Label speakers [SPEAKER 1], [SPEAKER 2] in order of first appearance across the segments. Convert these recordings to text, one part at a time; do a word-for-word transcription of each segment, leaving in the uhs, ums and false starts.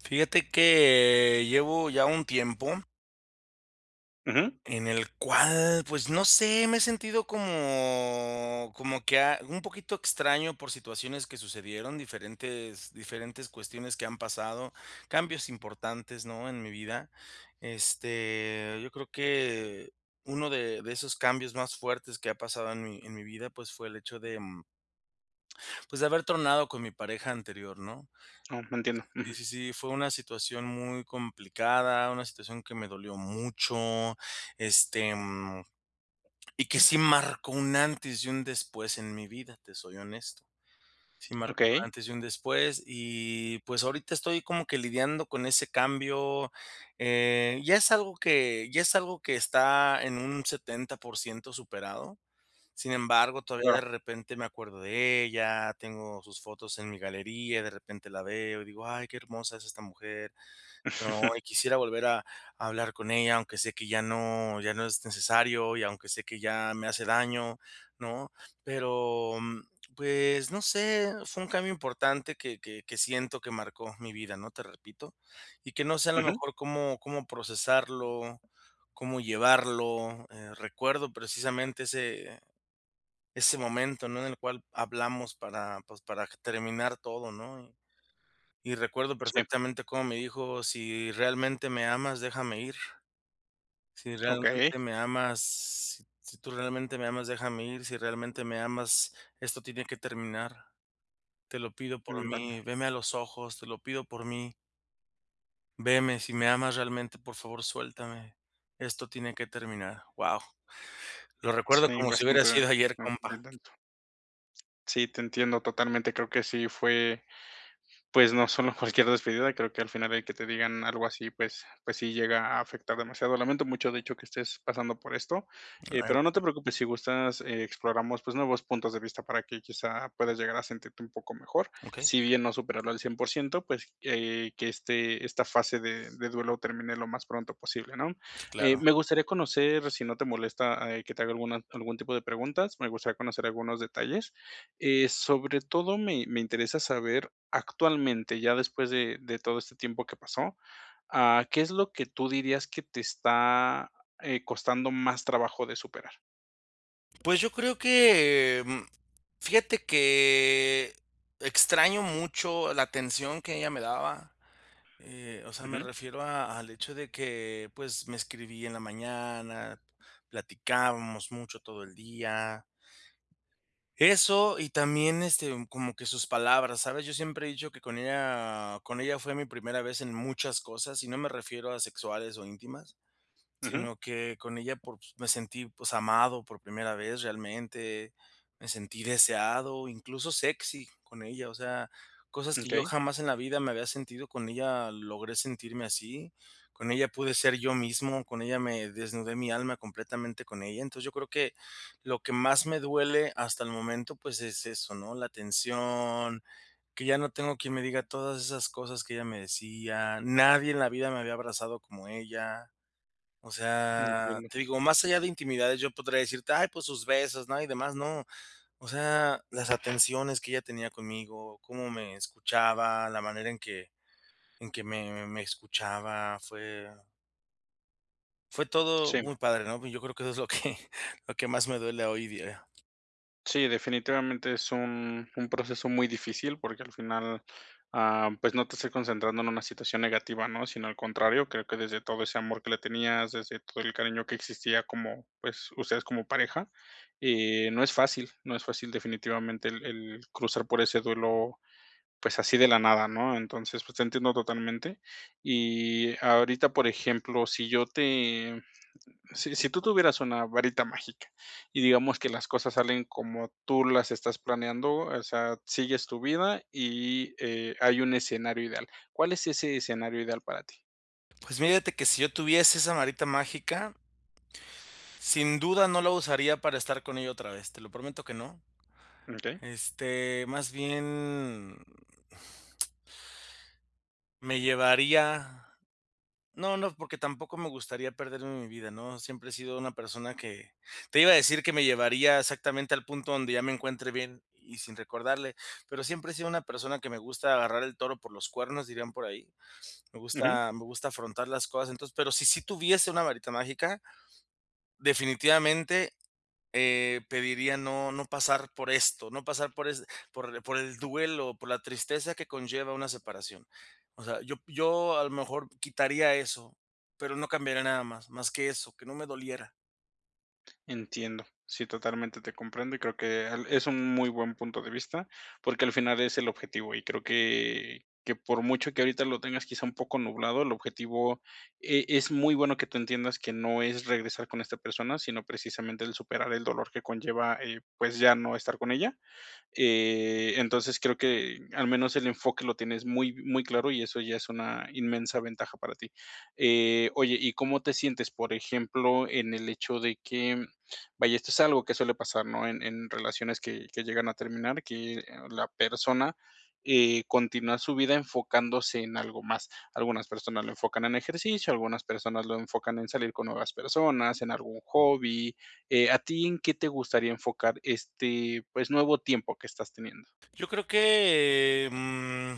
[SPEAKER 1] Fíjate que llevo ya un tiempo
[SPEAKER 2] Ujú.
[SPEAKER 1] en el cual, pues, no sé, me he sentido como como que a un poquito extraño por situaciones que sucedieron, diferentes diferentes cuestiones que han pasado, cambios importantes, ¿no? En mi vida. Este, yo creo que uno de de esos cambios más fuertes que ha pasado en mi en mi vida, pues, fue el hecho de mm, pues, de haber tronado con mi pareja anterior ¿no?
[SPEAKER 2] Oh entiendo, ujú.
[SPEAKER 1] Sí sí sí, fue una situación muy complicada, una situación que me dolió mucho, este, mm, y que sí marcó un antes y un después en mi vida, te soy honesto. Sí marco un
[SPEAKER 2] Okey.
[SPEAKER 1] antes y un después, y, pues, ahorita estoy como que lidiando con ese cambio. Eh, ya es algo que ya es algo que está en un setenta por ciento superado. Sin embargo, todavía de
[SPEAKER 2] Claro.
[SPEAKER 1] repente me acuerdo de ella, tengo sus fotos en mi galería y de repente la veo y digo: "Ay qué hermosa es esta mujer", ¿no?, y quisiera volver a a hablar con ella, aunque sé que ya no ya no es necesario y aunque sé que ya me hace daño, ¿no? Pero, mm, pues, no sé, fue un cambio importante que que que siento que marcó mi vida, ¿no? Te repito. Y que no sé a lo
[SPEAKER 2] Ujú.
[SPEAKER 1] mejor cómo cómo procesarlo, cómo llevarlo. Eh, recuerdo precisamente ese ese momento, ¿no? En el cual hablamos para, pues, para terminar todo ¿no? Y y recuerdo
[SPEAKER 2] Sí.
[SPEAKER 1] perfectamente cómo me dijo: "Si realmente me amas, déjame ir. Si
[SPEAKER 2] Okey.
[SPEAKER 1] realmente me amas, si tú realmente me amas, déjame ir. Si realmente me amas, esto tiene que terminar. Te lo pido por
[SPEAKER 2] Mm,
[SPEAKER 1] mí,
[SPEAKER 2] vale.
[SPEAKER 1] veme a los ojos, te lo pido por mí". "Veme, si me amas realmente, por favor suéltame, esto tiene que terminar", wao, lo recuerdo
[SPEAKER 2] Sí,
[SPEAKER 1] como si hubiera
[SPEAKER 2] bastante
[SPEAKER 1] sido ayer, compa.
[SPEAKER 2] [unintelligible] Sí, te entiendo totalmente, creo que sí fue, pues, no solo cualquier despedida, creo que al final el que te digan algo así, pues pues sí llega a afectar demasiado, lamento mucho, de hecho, que estés pasando por esto, eh,
[SPEAKER 1] Claro
[SPEAKER 2] pero no
[SPEAKER 1] que
[SPEAKER 2] te preocupes, si gustas, eh, exploramos, pues nuevos puntos de vista para que quizá puedas llegar a sentirte un poco mejor,
[SPEAKER 1] Okey.
[SPEAKER 2] si bien no superarlo al cien por ciento, pues, eh, que este esta fase de de duelo termine lo más pronto posible, ¿no?,
[SPEAKER 1] Sí,
[SPEAKER 2] eh,
[SPEAKER 1] claro.
[SPEAKER 2] me gustaría conocer, si no te molesta, eh, que te haga alguna algún tipo de preguntas, me gustaría conocer algunos detalles, eh, sobre todo, me me interesa saber, actualmente, ya después de de todo este tiempo que pasó, ah, ¿qué es lo que tú dirías que te está, eh, costando más trabajo de superar?
[SPEAKER 1] Pues yo creo que, mm, fíjate que extraño mucho la atención que ella me daba, eh, o sea, me
[SPEAKER 2] Ujú.
[SPEAKER 1] refiero a al hecho de que, pues me escribía en la mañana, platicábamos mucho todo el día eso y también, este, como que sus palabras, ¿sabes? Yo siempre he dicho que con ella con ella fue mi primera vez en muchas cosas, y no me refiero a sexuales o íntimas,
[SPEAKER 2] Ujú.
[SPEAKER 1] sino que con ella, pues, me sentí, pues, amado por primera vez realmente, me sentí deseado, incluso sexy con ella, o sea, cosas
[SPEAKER 2] Mm,
[SPEAKER 1] que yo
[SPEAKER 2] okey.
[SPEAKER 1] jamás en la vida me había sentido, con ella logré sentirme así, con ella pude ser yo mismo, con ella me desnudé mi alma completamente con ella, entonces, yo creo que, lo que más me duele hasta el momento, pues, es eso, ¿no?, la atención, que ya no tengo quien me diga todas esas cosas que ella me decía, nadie en la vida me había abrazado como ella, o
[SPEAKER 2] Mm,
[SPEAKER 1] sea,
[SPEAKER 2] entiendo.
[SPEAKER 1] te digo, más allá de intimidades, yo podría decirte, "Ay, pues sus besos", ¿no?, y demás, no, o sea, las atenciones que ella tenía conmigo, cómo me escuchaba, la manera en que en que me me escuchaba, fue fue todo
[SPEAKER 2] Sí.
[SPEAKER 1] muy padre, ¿no?, y yo creo que eso es lo que lo que más me duele hoy día.
[SPEAKER 2] Sí, definitivamente es un un proceso muy difícil porque al final, ah, pues, no te estoy concentrando en una situación negativa, ¿no? Sino al contrario, creo que desde todo ese amor que le tenías, desde todo el cariño que existía como, pues, ustedes como pareja, eh, no es fácil, no es fácil definitivamente el el cruzar por ese duelo, pues, así de la nada, ¿no? Entonces, pues, te entiendo totalmente. Y ahorita, por ejemplo, si yo te si si tú tuvieras una varita mágica y digamos que las cosas salen como tú las estás planeando, o sea, sigues tu vida y, eh, hay un escenario ideal, ¿cuál es ese escenario ideal para ti?
[SPEAKER 1] Pues, mírate que si yo tuviese esa marita mágica, sin duda no la usaría para estar con ella otra vez, te lo prometo que no.
[SPEAKER 2] Mm, okey.
[SPEAKER 1] Este, más bien me llevaría, no no, porque tampoco me gustaría perderme mi vida, ¿no? Siempre he sido una persona que, te iba a decir que me llevaría exactamente al punto donde ya me encuentre bien, y sin recordarle, pero siempre he sido una persona que me gusta "agarrar el toro por los cuernos", dirían por ahí. Me
[SPEAKER 2] Ujú.
[SPEAKER 1] gusta me gusta afrontar las cosas. Entonces, pero si sí tuviese una varita mágica, definitivamente, eh, pediría no, no pasar por esto, no pasar por es por por el duelo, por la tristeza que conlleva una separación. O sea, yo yo a lo mejor quitaría eso, pero no cambiaría nada más, más que eso, que no me doliera.
[SPEAKER 2] Entiendo. Sí, totalmente te comprendo, y creo al es un muy buen punto de vista porque al final es el objetivo, y creo que que por mucho que ahorita lo tengas, quizá, un poco nublado, el objetivo e es muy bueno que tú entiendas que no es regresar con esta persona, sino precisamente, el superar el dolor que conlleva, eh, pues, ya no estar con ella, eh, entonces, creo que al menos el enfoque lo tienes muy muy claro, y eso ya es una inmensa ventaja para ti, eh, oye, ¿y cómo te sientes, por ejemplo, en el hecho de que? Vaya, esto es algo que suele pasar, ¿no?, en en relaciones que que llegan a terminar, que, eh, la persona, eh, continúa su vida enfocándose en algo más, algunas personas lo enfocan en ejercicio, algunas personas lo enfocan en salir con nuevas personas, en algún hobby, eh, ¿a ti en qué te gustaría enfocar este, pues, nuevo tiempo que estás teniendo?
[SPEAKER 1] Yo creo que, eh, mm,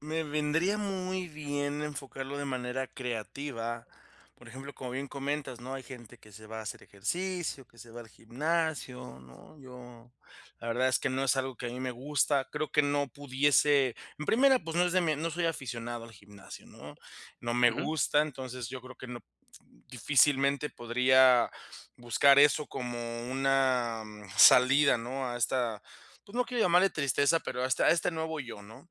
[SPEAKER 1] me vendría muy bien enfocarlo de manera creativa, por ejemplo, como bien comentas, ¿no?, hay gente que se va a hacer ejercicio, que se va al gimnasio, ¿no?, yo, la verdad es que no es algo que a mí me gusta, creo que no pudiese en primera, pues, no es de mí no soy aficionado al gimnasio, ¿no?, no me
[SPEAKER 2] Ujú.
[SPEAKER 1] gusta, entonces yo creo que no, difícilmente podría buscar eso como una, mm, salida, ¿no?, a esta, pues, no quiero llamarle tristeza, pero a esta a este nuevo yo, ¿no?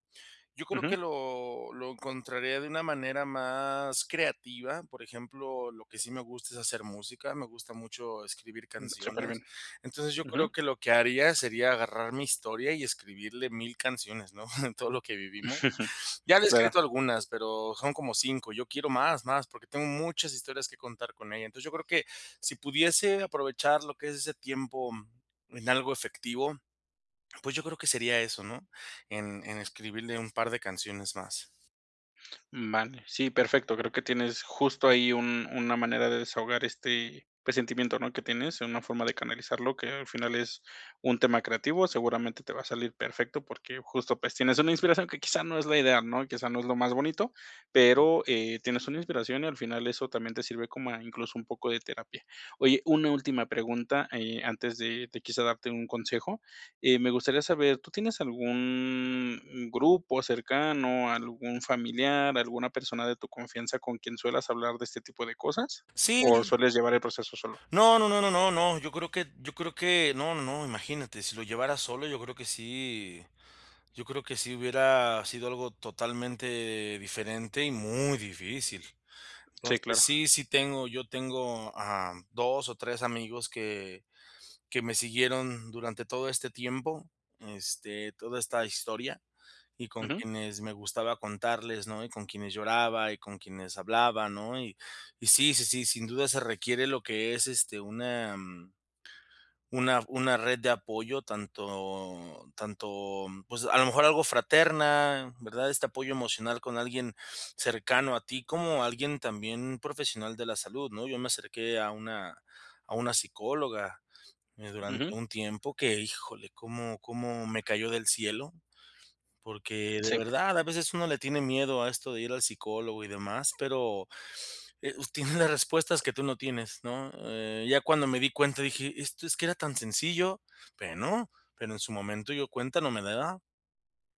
[SPEAKER 1] Yo creo que
[SPEAKER 2] Ujú.
[SPEAKER 1] lo lo encontraría de una manera más creativa, por ejemplo, lo que sí me gusta es hacer música, me gusta mucho escribir
[SPEAKER 2] Mm, superbién.
[SPEAKER 1] canciones. Entonces, yo creo
[SPEAKER 2] Ujú.
[SPEAKER 1] que lo que haría sería agarrar mi historia y escribirle mil canciones, ¿no?, de todo lo que vivimo Ya le he
[SPEAKER 2] Claro.
[SPEAKER 1] escrito algunas, pero son como cinco, yo quiero más, más, porque tengo muchas historias contar con ella. Entonces, yo creo que si pudiese aprovechar lo que es ese tiempo, mm, en algo efectivo, pues, yo creo que sería eso, ¿no?, en en escribirle un par de canciones más.
[SPEAKER 2] Vale, sí, perfecto. Creo que tienes justo ahí un una manera de desahogar este, pues, sentimiento, ¿no?, que tienes, una forma de canalizarlo, que al final es un tema creativo, seguramente te va a salir perfecto, porque justo, pues, tienes una inspiración que quizá no es la idea, ¿no?, quizá no es lo más bonito, pero, eh, tienes una inspiración y al final eso también te sirve como a incluso un poco de terapia. Oye, una última pregunta, eh, antes de de quizá darte un consejo. Eh, me gustaría saber, ¿tú tienes algún grupo cercano, algún familiar, alguna persona de tu confianza con quien suelas hablar de este tipo de cosas o
[SPEAKER 1] Sí.
[SPEAKER 2] sueles llevar el proceso solo?
[SPEAKER 1] No, no, no, no, no yo creo que yo creo que no, no, no, imagínate, si lo llevara solo, yo creo que sí yo creo que sí hubiera sido algo totalmente diferente y muy difícil.
[SPEAKER 2] Sí,
[SPEAKER 1] Entonces,
[SPEAKER 2] claro.
[SPEAKER 1] sí, sí tengo, yo tengo a dos o tres amigos que que me siguieron durante todo este tiempo, este, toda esta historia y con
[SPEAKER 2] Ujú.
[SPEAKER 1] quienes me gustaba contarles, ¿no? Y con quienes lloraba y con quienes hablaba, ¿no? Y y sí, sí, sí, sin duda se requiere lo que es, este, una, mm una una red de apoyo, tanto tanto, pues, a lo mejor algo fraterna, ¿verdad? Este apoyo emocional con alguien cercano a ti, como alguien también profesional de la salud, ¿no? Yo me acerqué a una a una psicóloga, eh, durante
[SPEAKER 2] Ujú.
[SPEAKER 1] un tiempo que, ¡híjole!, como como me cayó del cielo. Porque de
[SPEAKER 2] Sí.
[SPEAKER 1] verdad a veces uno le tiene miedo a esto de ir al psicólogo y demás, pero, eh, uh, tiene las respuestas que tú no tienes, ¿no? Eh, ya cuando me di cuenta dije: "Esto, es que era tan sencillo", bueno, pero en su momento yo cuenta no me daba.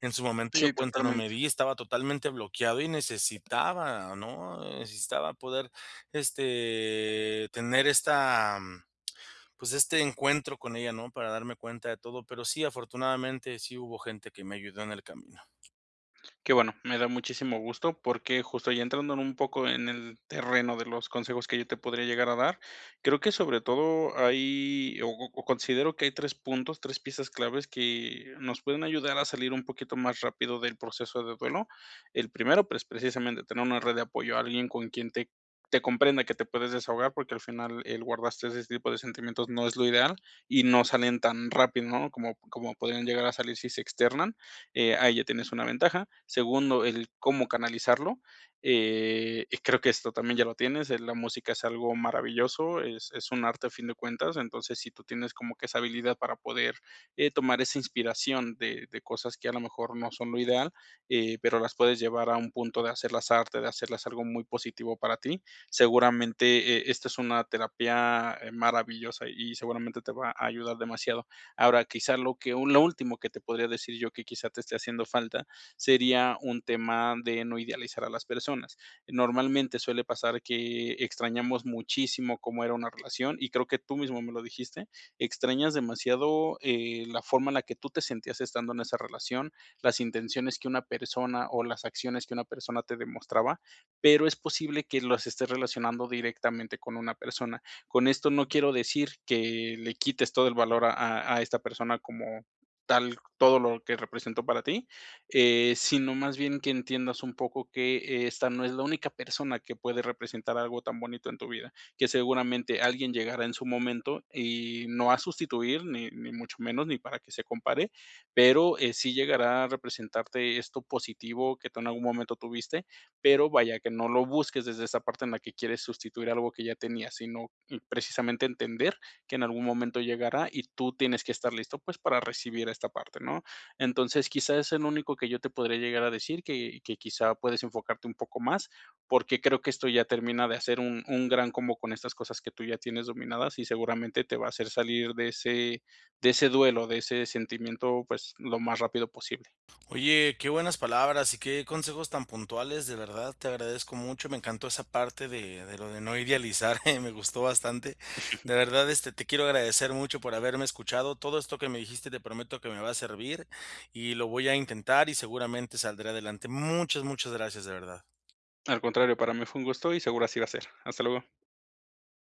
[SPEAKER 1] En su momento yo
[SPEAKER 2] Sí,
[SPEAKER 1] cuenta no me
[SPEAKER 2] totalmente.
[SPEAKER 1] di, estaba totalmente bloqueado y necesitaba, ¿no? Necesitaba poder, este, tener esta, pues, este encuentro con ella, ¿no? Para darme cuenta de todo. Pero sí, afortunadamente, sí hubo gente que me ayudó en el camino.
[SPEAKER 2] Qué bueno, me da muchísimo gusto, porque justo ya entrando en un poco en el terreno de los consejos que yo te podría llegar a dar. Creo que sobre todo hay o o considero que hay tres puntos, tres piezas claves que, nos pueden ayudar a salir un poquito más rápido del proceso de duelo. El primero, pues, precisamente tener una red de apoyo, a alguien con quien te te comprenda, que te puedas desahogar, porque al final el guardarse ese tipo de sentimientos no es lo ideal, y no salen tan rápido, ¿no? Como como podrían llegar a salir si se externan, eh, ahí ya tienes una ventaja. Segundo, el cómo canalizarlo, eh, y creo que esto también ya lo tienes, eh, la música es algo maravilloso, es es un arte a fin de cuentas, entonces, si tú tienes como que esa habilidad para poder, eh, tomar esa inspiración de de cosas que a lo mejor no son lo ideal, eh, pero las puedes llevar a un punto de hacerlas arte, de hacerlas algo muy positivo para ti. Seguramente, e esta es una terapia, eh, maravillosa y seguramente te va a ayudar demasiado. Ahora, quizá lo que lo último que te podría decir yo, que quizá te esté haciendo falta, sería un tema de no idealizar a las personas. Normalmente, suele pasar que extrañamos muchísimo cómo era una relación, y creo que tú mismo me lo dijiste. Extrañas demasiado, eh, la forma en la que tú te sentías estando en esa relación, las intenciones que una persona o las acciones que una persona te demostraba, pero es posible que los estés relacionando directamente con una persona. Con esto no quiero decir que le quites todo el valor a a a esta persona como tal, todo lo que representó para ti, eh, sino más bien que entiendas un poco que esta no es la única persona que puede representar algo tan bonito en tu vida, que seguramente alguien llegará en su momento y no a sustituir, ni ni mucho menos, ni para que se compare. Pero eh, sí llegará a representarte esto positivo que tú en algún momento tuviste. Pero vaya, que no lo busques desde esa parte en la que quieres sustituir algo que ya tenías, sino, mm, precisamente entender que en algún momento llegará y tú tienes que estar listo, pues, para recibir esta parte, ¿no? Entonces, quizá es el único que yo te podría llegar a decir, que que quizá puedes enfocarte un poco más, porque creo que esto ya termina de hacer un un gran combo con estas cosas que tú ya tienes dominadas, y seguramente te va a hacer salir de ese de ese duelo, de ese sentimiento, pues, lo más rápido posible.
[SPEAKER 1] Oye, qué buenas palabras y qué consejos tan puntuales, de verdad te agradezco mucho, me encantó esa parte de de lo de no idealizar, me gustó bastante. De verdad, este, te quiero agradecer mucho por haberme escuchado. Todo esto que me dijiste, te prometo que me va a servir, y lo voy a intentar y seguramente saldré adelante. Muchas, muchas gracias, de verdad.
[SPEAKER 2] Al contrario, para mí fue un gusto y seguro así va a ser. Hasta luego.